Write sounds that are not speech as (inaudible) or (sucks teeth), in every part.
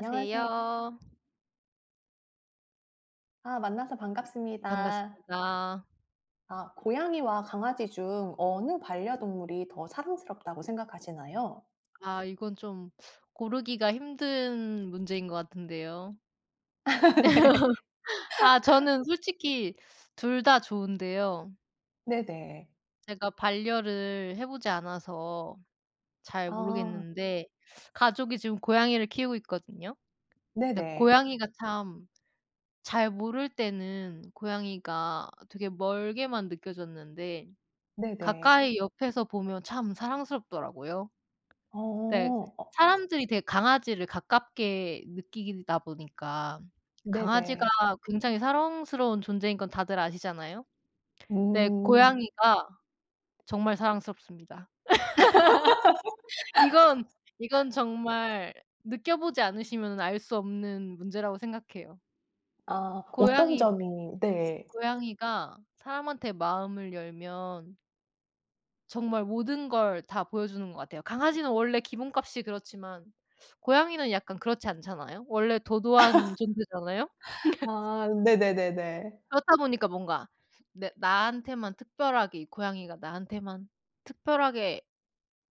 안녕하세 아 만나서 반갑습니다. 반갑습니다. 아 고양이와 강아지 중 어느 반려동물이 더 사랑스럽다고 생각하시나요? 아 이건 좀 (sucks teeth) 고르기가 힘든 문제인 것 같은데요. (laughs) 네. (laughs) 아 (laughs) 저는 솔직히 2 다 좋은데요. 네네. 제가 반려를 해 보지 않아서 잘 아. 모르겠는데 가족이 지금 고양이를 키우고 있거든요. 근데 네네. 고양이가, 참 잘 모를 때는 고양이가 되게 멀게만 느껴졌는데 네네. 가까이 옆에서 보면 참 사랑스럽더라고요. 네. 어. 어. 사람들이 되게 강아지를 가깝게 느끼다 보니까 강아지가 네네. 굉장히 사랑스러운 존재인 건 다들 아시잖아요. 네. 음. 고양이가 정말 사랑스럽습니다. (laughs) 이건, (laughs) 이건 정말 느껴보지 않으시면은 알 수 없는 문제라고 생각해요. 아 어떤 고양이 점이 네. 고양이가 사람한테 마음을 열면 정말 모든 걸 다 보여주는 것 같아요. 강아지는 원래 기본값이 그렇지만 고양이는 약간 그렇지 않잖아요. 원래 도도한 (laughs) 존재잖아요? (laughs) 아 네네네네. 그렇다 보니까 뭔가 내 나한테만 특별하게, 이 고양이가 나한테만 특별하게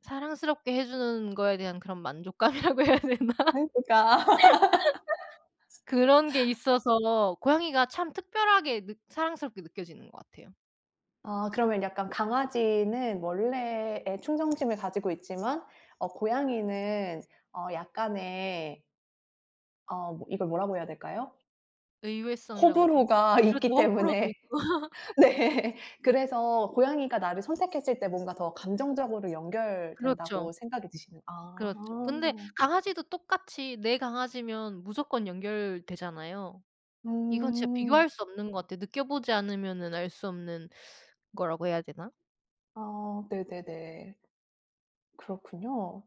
사랑스럽게 해 주는 거에 대한 그런 만족감이라고 해야 되나? 네. 그니까. (laughs) (laughs) 그런 게 있어서 고양이가 참 특별하게 느 사랑스럽게 느껴지는 것 같아요. 아 그러면 약간 강아지는 원래의 충성심을 가지고 있지만 어 고양이는 어 약간의 어 뭐 이걸 뭐라고 해야 될까요? 의외성이라고 해야 되나. 호불호가 그래서 있기 호불호도 때문에. 있고. 네. 그래서 고양이가 나를 선택했을 때 뭔가 더 감정적으로 그렇죠. 연결된다고 생각이 드시는 아. 그렇죠. 근데 강아지도 똑같이 내 강아지면 무조건 연결되잖아요. 이건 진짜 음. 비교할 수 없는 것 같아요. 느껴보지 않으면은 알 수 없는 거라고 해야 되나? 아 네네네. 그렇군요.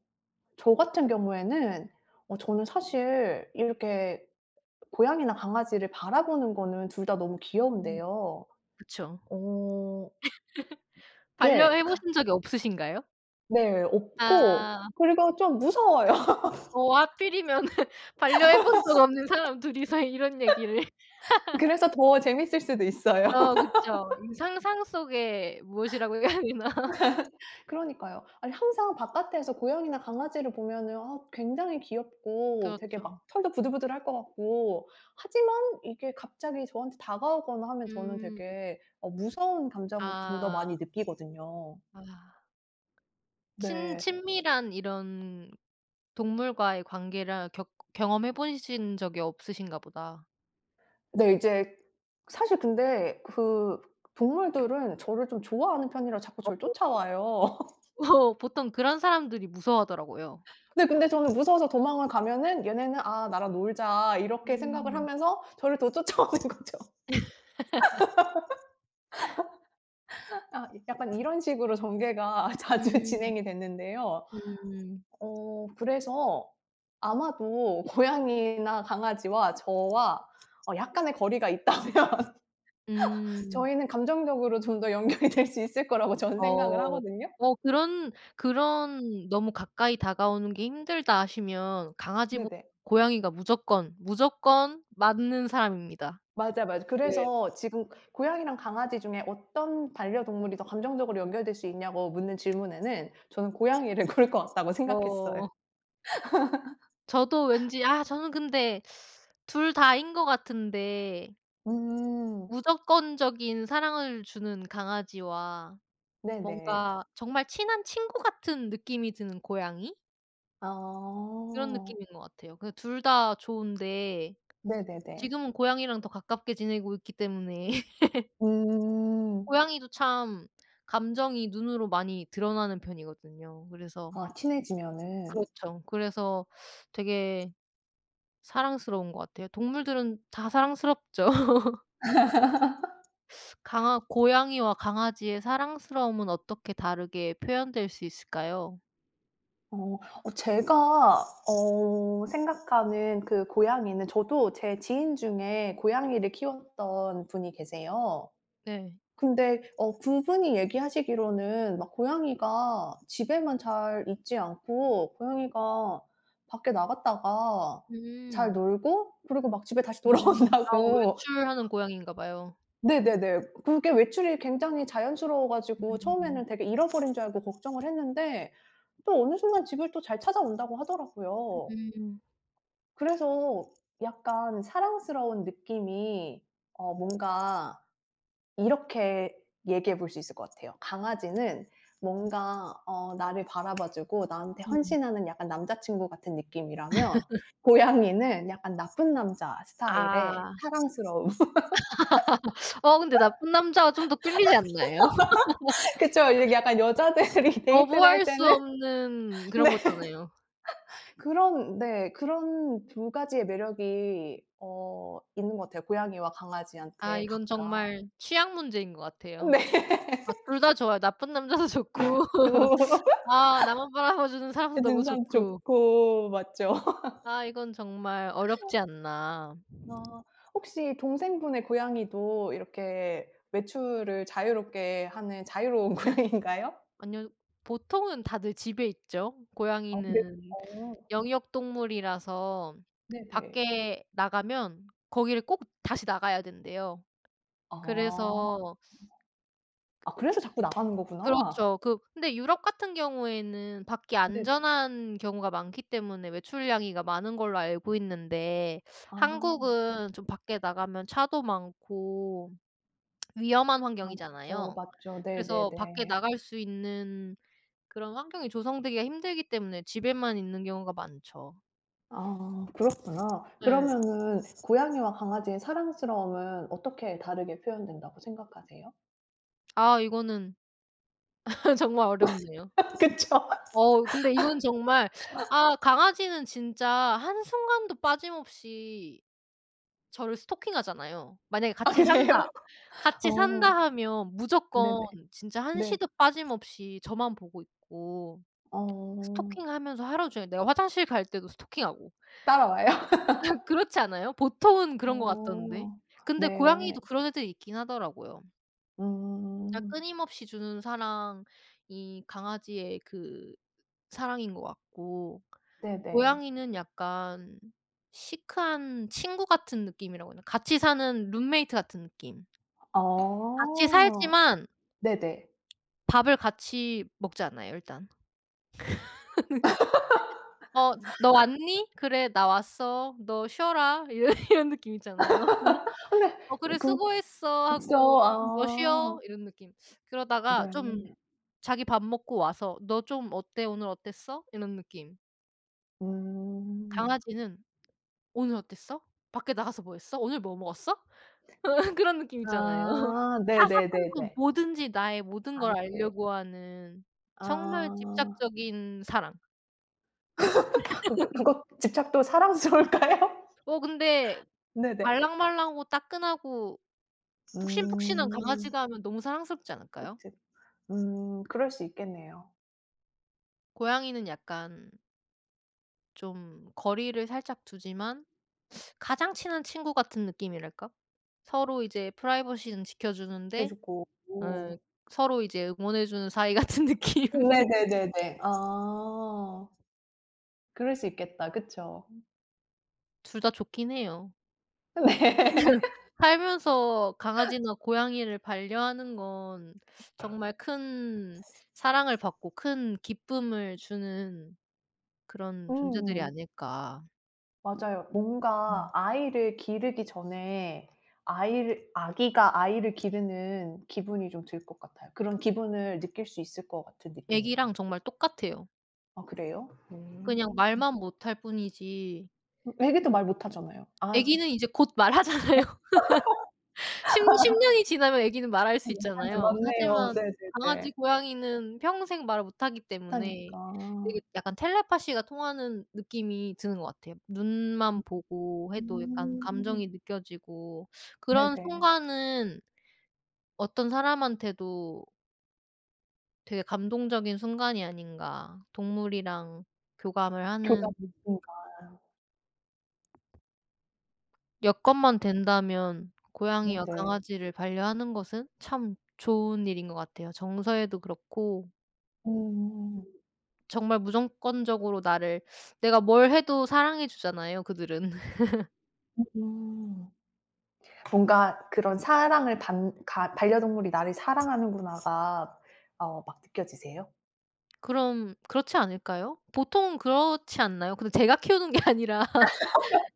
저 같은 경우에는 어 저는 사실 이렇게 고양이나 강아지를 바라보는 거는 둘 다 너무 음. 귀여운데요. 그쵸. 어. (laughs) 그게 같 반려해보신 적이 없으신가요? 네. 없고 아. 그리고 좀 무서워요. (laughs) 어 하필이면은 반려해 본 적 없는 사람 둘이서 이런 얘기를. (laughs) 그래서 더 재밌을 수도 있어요. 어 그쵸. 이 (laughs) 상상 속에 무엇이라고 해야 되나. (laughs) 그러니까요. 아니 항상 바깥에서 고양이나 강아지를 보면은 아 굉장히 귀엽고 되게 그렇죠. 막 털도 부들부들할 것 같고. 하지만 이게 갑자기 저한테 다가오거나 하면 저는 음. 되게 어 무서운 감정을 좀 더 아. 많이 느끼거든요. 아. 친 네. 친밀한 이런 동물과의 관계를 격 경험해 보신 적이 없으신가 보다. 네. 이제 사실 근데 그 음. 동물들은 저를 좀 좋아하는 편이라 자꾸 저를 (unintelligible) 쫓아와요. (laughs) (laughs) 보통 그런 사람들이 무서워하더라고요. 네. 근데 저는 무서워서 도망을 가면은 얘네는 '아 나랑 놀자.' 이렇게 생각을 음. 하면서 저를 더 쫓아오는 거죠. (laughs) (laughs) 아 이 약간 이런 식으로 전개가 자주 음 진행이 됐는데요. 음. 어 그래서 아마도 고양이나 강아지와 저와 어 약간의 거리가 있다면 음. 저희는 감정적으로 좀 더 연결이 될 수 있을 거라고 저는 생각을 어 하거든요. 뭐 그런, 그런 너무 가까이 다가오는게 힘들다 하시면 강아지 네네. 고양이가 무조건 무조건 맞는 사람입니다. 맞아요, 맞아 네. 그래서 지금 고양이랑 강아지 중에 어떤 반려동물이 더 감정적으로 연결될 수 있냐고 묻는 질문에는 저는 고양이를 고를 것 같다고 생각했어요. 어. 저도 (laughs) 왠지 아 저는 근데 (sucks teeth) 둘 다인거 같은데. 음. 무조건적인 사랑을 주는 강아지와 네네. 뭔가 정말 친한 친구 같은 느낌이 드는 고양이? 그런 어. 느낌인 것 같아요. 그 2 다 좋은데 네네네. 지금은 고양이랑 더 가깝게 지내고 있기 때문에. 음. 고양이도 참 감정이 눈으로 많이 드러나는 편이거든요. 그래서 아 친해지면은. 그렇죠. 그래서 되게 사랑스러운 것 같아요. 동물들은 다 사랑스럽죠. (laughs) 강아 고양이와 강아지의 사랑스러움은 어떻게 다르게 표현될 수 있을까요? 어 어 제가 어 생각하는 그 고양이는 저도 제 지인 중에 고양이를 키웠던 분이 계세요. 네. 근데 어 그분이 얘기하시기로는 막 고양이가 집에만 잘 있지 않고 고양이가 밖에 나갔다가 잘 음. 놀고 그리고 막 집에 다시 음 아 돌아온다고 외출하는 고양이인가 봐요. 네네네. 그게 외출이 굉장히 자연스러워 가지고 음. 처음에는 되게 잃어버린 줄 알고 걱정을 했는데 또 어느 순간 집을 또 잘 찾아온다고 하더라고요. 음. 그래서 약간 사랑스러운 느낌이 어 뭔가 이렇게 얘기해 볼 수 있을 것 같아요. 강아지는 음. 뭔가 어 나를 바라봐 주고 나한테 음. 헌신하는 약간 남자친구 같은 느낌이라면 (laughs) 고양이는 약간 나쁜 남자 스타일 아. 사랑스러움. (laughs) 어 근데 나쁜 남자가 좀 더 끌리지 않나요? (laughs) (laughs) 그쵸. 이게 약간 여자들이 데이트를 할 거부할 수 때는 없는 네 그런 거잖아요. 그런 네 그런 2 가지의 매력이 어 있는 것 같아요, 고양이와 아 강아지한테 이건 각각. 정말 취향 문제인 것 같아요. 네. 아 2 다 좋아요 나쁜 남자도 좋고 (laughs) 아 나만 바라봐 주는 사람도 그 너무 진상 좋고. 좋고 맞죠? (laughs) 아 이건 정말 어렵지 않나. 어 혹시 동생분의 고양이도 이렇게 외출을 자유롭게 하는 자유로운 고양이인가요? 아니요. 보통은 다들 집에 있죠. 아 네. 고양이는 어. 영역 동물이라서 네네. 밖에 나가면 거기를 꼭 다시 나가야 된대요. 아. 그래서 아 으 그래서 자꾸 나가는 거구나. 그렇죠. 그 근데 유럽 같은 경우에는 밖이 네네. 안전한 경우가 많기 때문에 외출냥이가 많은 걸로 알고 있는데 아. 한국은 좀 밖에 나가면 차도 많고 위험한 아 맞죠, 환경이잖아요. 맞죠. 그래서 밖에 네네네. 나갈 수 있는 그런 환경이 조성되기가 힘들기 때문에 집에만 있는 경우가 많죠. 아 그렇구나. 네. 그러면은 고양이와 강아지의 사랑스러움은 어떻게 다르게 표현된다고 생각하세요? 아 이거는 (laughs) 정말 어렵네요. (laughs) 그쵸. 어 근데 이건 정말 아 (laughs) 강아지는 진짜 한순간도 빠짐없이 저를 스토킹하잖아요. 만약에 아 '같이 산다. 그래요? 같이 어 산다.' 하면 네네 무조건 진짜 네. 한시도 빠짐없이 저만 보고 있고 어. 스토킹하면서 하루 종일. 내가 화장실 갈 때도 스토킹하고. 따라와요? (laughs) (laughs) 그렇지 않아요? 보통은 그런 것 같던데 어 근데 네. 고양이도 그런 애들이 있긴 하더라고요. 진짜 음. 끊임없이 주는 사랑이 강아지의 그 사랑인 거 같고 네네. 고양이는 약간 시크한 친구 같은 느낌이라고 해야 되나 같이 사는 룸메이트 같은 느낌. 같이 아 살지만 네네. 밥을 같이 먹지 않아요 일단. (laughs) "어 너 (laughs) 왔니?" "그래, 나 왔어." "너 쉬어라." 이러 이런 느낌 있잖아요. (laughs) 근데 "어 그래. 그 수고했어." 진짜 하고 "너 쉬어." 아. 이런 느낌. 그러다가 좀 네. 자기 밥 먹고 와서 "너 좀 어때? 오늘 어땠어?" 이런 느낌. 음. 강아지는 "오늘 어땠어? 밖에 나가서 뭐 했어? 오늘 뭐 먹었어?" (laughs) 그런 느낌 있잖아요. 아 사사건건 네네네네. 뭐든지 나의 모든 아 걸 이렇게 알려고 하는 정말 아. 집착적인 사랑. (laughs) 그러니까 (laughs) 그거 집착도 사랑스러울까요? 어 근데 네네. 말랑말랑하고 따끈하고 푹신푹신한 음. 강아지가 하면 너무 사랑스럽지 않을까요? 어째 음 그럴 수 있겠네요. 고양이는 약간 좀 거리를 살짝 두지만 가장 친한 친구 같은 느낌이랄까? 서로 이제 프라이버시는 해 지켜주는데 주고 어 오. 서로 이제 응원해 주는 사이 같은 느낌. 음. (laughs) 네네네네. 아. 그럴 수 있겠다. 그쵸? 둘 다 좋긴 해요. 네. (laughs) (laughs) 살면서 강아지나 고양이를 반려하는 건 정말 큰 사랑을 받고 큰 기쁨을 주는 그런 존재들이 음. 아닐까. 맞아요. 뭔가 음. 아이를 기르기 전에 아이를 아기가 아이를 기르는 기분이 좀 들 것 같아요. 그런 기분을 느낄 수 있을 것 같은 느낌이. 아기랑 정말 똑같아요. 아 그래요? 그냥 음. 말만 못 할 뿐이지. 음. 아기도 말 못하잖아요. 아 음 아기는 이제 곧 말하잖아요. 어. (laughs) (laughs) 10- 10 아. 년이 지나면 애기는 말 할 어 수 강아지, 있잖아요. 맞네요. 하지만 강아지, 네네네. 고양이는 평생 말을 못 하기 때문에 되게 못하니까. 약간 텔레파시가 통하는 느낌이 드는 것 같아요. 눈만 음. 보고 해도 약간 음. 감정이 느껴지고 그런 네네. 순간은 어떤 사람한테도 되게 감동적인 순간이 아닌가, 동물이랑 교감을 하는 교감하는 음. 순간. 여건만 아. 된다면 고양이와 네네. 강아지를 반려하는 것은 참 좋은 일인 것 같아요 정서에도 그렇고 음. 음...정말 무조건적으로 나를, 내가 뭘 해도 사랑해 주잖아요 그들은. (laughs) 으흠. 뭔가 그런 사랑을 받 가 '반려동물이 나를 사랑하는구나.'가 어 막 느껴지세요? 그럼 그렇지 않을까요? 보통은 그렇지 않나요? 근데 제가 키우는 게 아니라 (laughs)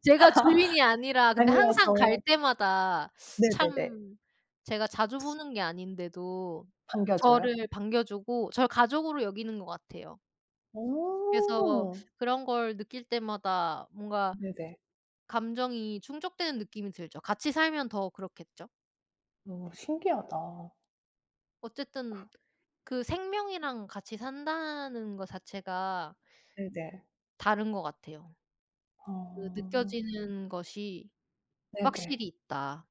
제가 주인이 아니라 아. 근데 항상 갈 아니어서. 때마다 네네네. 참 제가 자주 보는 게 아닌데도 반겨줘요? 저를 반겨주고 절 가족으로 여기는 것 같아요. 그래서 어. 그런 걸 느낄 때마다 뭔가 네네. 감정이 충족되는 느낌이 들죠. 같이 살면 더 그렇겠죠? 어 신기하다. 그 어쨌든 그 생명이랑 같이 산다는 거 자체가 네네. 다른 것 같아요. 그 어. 느껴지는 것이 네네. 확실히 있다.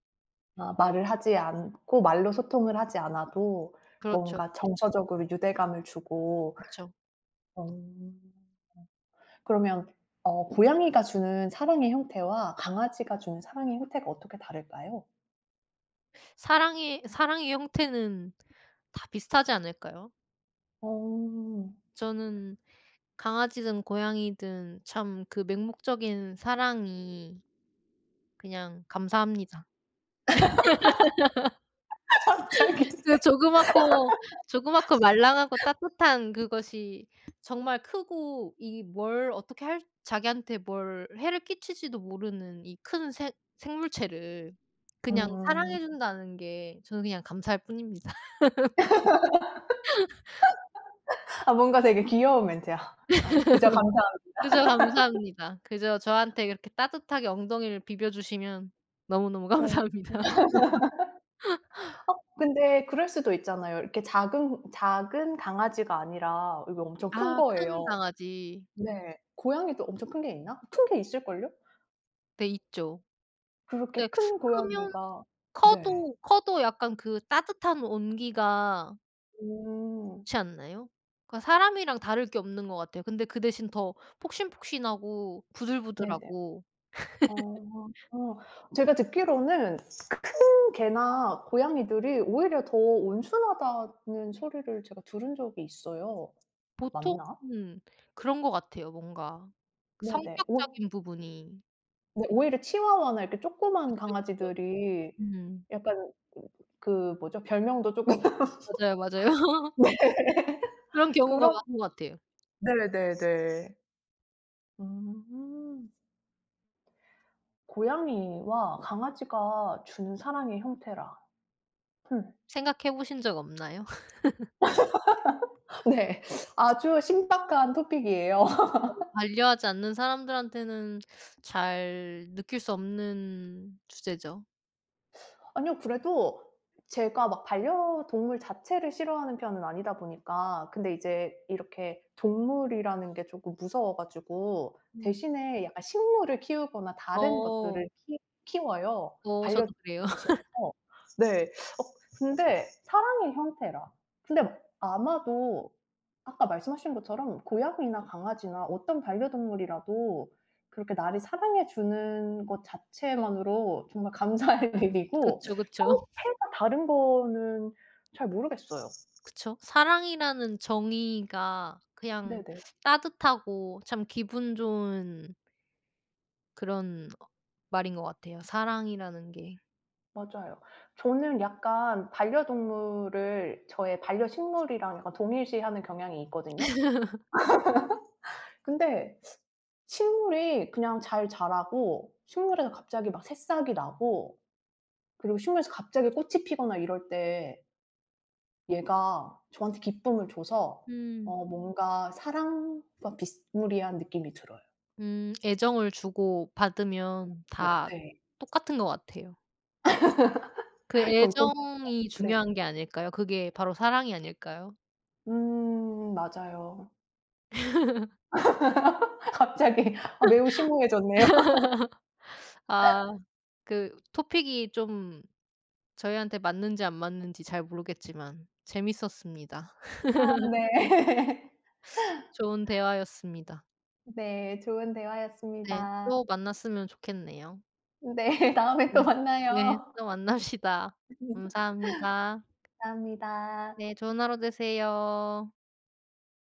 아 말을 하지 않고 말로 소통을 하지 않아도 그렇죠. 뭔가 정서적으로 유대감을 주고 그쵸. 어. 어 그러면 어 고양이가 주는 사랑의 형태와 강아지가 주는 사랑의 형태가 어떻게 다를까요? 사랑의, 사랑의 형태는 다 비슷하지 않을까요? 어. 저는 강아지든 고양이든 참 그 맹목적인 사랑이 그냥 감사합니다. (laughs) (laughs) 갑자기. 그 조그맣고, 조그맣고 말랑하고 (laughs) 따뜻한 그것이 정말 크고 이 뭘 어떻게 할 자기한테 뭘 해를 끼칠지도 모르는 이 큰 생 생물체를 그냥 사랑해 음. 준다는 게 저는 그냥 감사할 뿐입니다. (laughs) 아 뭔가 되게 귀여운 멘트야. "아 그저 감사합니다." (laughs) 그저 감사합니다. 그저 저한테 그렇게 따뜻하게 엉덩이를 비벼 주시면 너무너무 어 어. 감사합니다. (laughs) (laughs) 어 근데 그럴 수도 있잖아요. 이렇게 작은 작은 강아지가 아니라 이게 엄청 큰 아 큰 거예요. 강아지. 네. 고양이도 엄청 큰 게 있나? 큰 게 있을 걸요? 네 있죠. 근데 그렇게 큰 크면 고양이가 네. 커도, 커도 약간 그 따뜻한 온기가 오. 그렇지 않나요? 그 사람이랑 다를 게 없는 것 같아요. 근데 그 대신 더 폭신폭신하고 네네. 부들부들하고. (laughs) 어. 어. 제가 듣기로는 큰 개나 고양이들이 오히려 더 온순하다는 소리를 제가 들은 적이 있어요. 보통 맞나? 음 그런 것 같아요 뭔가 네네. 오 성격적인 부분이. 네 오히려 치와와나 이렇게 쪼끄만 그쵸, 그쵸. 강아지들이 음. 약간 으 그 뭐죠? 별명도 쪼끔 맞아요, 맞아요. (laughs) 네. 그런 (laughs) 경우가 그런 많은 것 같아요. 네네네. 음. 고양이와 강아지가 주는 사랑의 형태라. 흠. 생각해 보신 적 없나요? (laughs) (laughs) 네. 아주 신박한 토픽이에요. (unintelligible) (laughs) 반려하지 않는 사람들한테는 잘 느낄 수 없는 주제죠. 아니요. 그래도 제가 막 반려동물 자체를 싫어하는 편은 아니다 보니까 근데 이제 이렇게 동물이라는 게 쪼끔 무서워 가지고 음. 대신에 약간 식물을 키우거나 다른 어. 것들을 키 키워요, 어 반려 (unintelligible) 을 저도 그래요. 대신해서. 네. 어 근데 사랑의 형태라. 근데 아마도 아까 말씀하신 것처럼 고양이나 강아지나 어떤 반려동물이라도 그렇게 나를 사랑해 주는 것 자체만으로 정말 감사할 일이고 그쵸, 그쵸. 형태가 다른 거는 잘 모르겠어요. 그쵸. 사랑이라는 정의가 그냥 네네. 따뜻하고 참 기분 좋은 그런 어 말인 것 같아요, 사랑이라는 게. 맞아요. 저는 약간 반려동물을 저의 반려식물이랑 약간 동일시하는 경향이 있거든요. (laughs) (laughs) 근데 식물이 그냥 잘 자라고 식물에서 갑자기 막 새싹이 나고 그리고 식물에서 갑자기 꽃이 피거나 이럴 때 얘가 저한테 기쁨을 줘서 음. 어 뭔가 사랑과 비스무리한 느낌이 들어요. 음 애정을 주고받으면 어 어 다 네. 똑같은 것 같아요. 그 (laughs) 공통 약간 애정이 네네. 중요한 게 아닐까요? 그게 바로 사랑이 아닐까요? 음 맞아요. (laughs) (laughs) 갑자기 아 매우 심오해졌네요. (laughs) 아. 그 토픽이 좀 저희한테 맞는지 안 맞는지 잘 모르겠지만 재밌었습니다. 아 (laughs) 네. 좋은 대화였습니다. 네. 좋은 네. 대화였습니다. 또 만났으면 좋겠네요. 네. 다음에 네. 또 네. 만나요. 또 만납시다. (unintelligible) 감사합니다. 감사합니다. 네. 좋은 하루 되세요.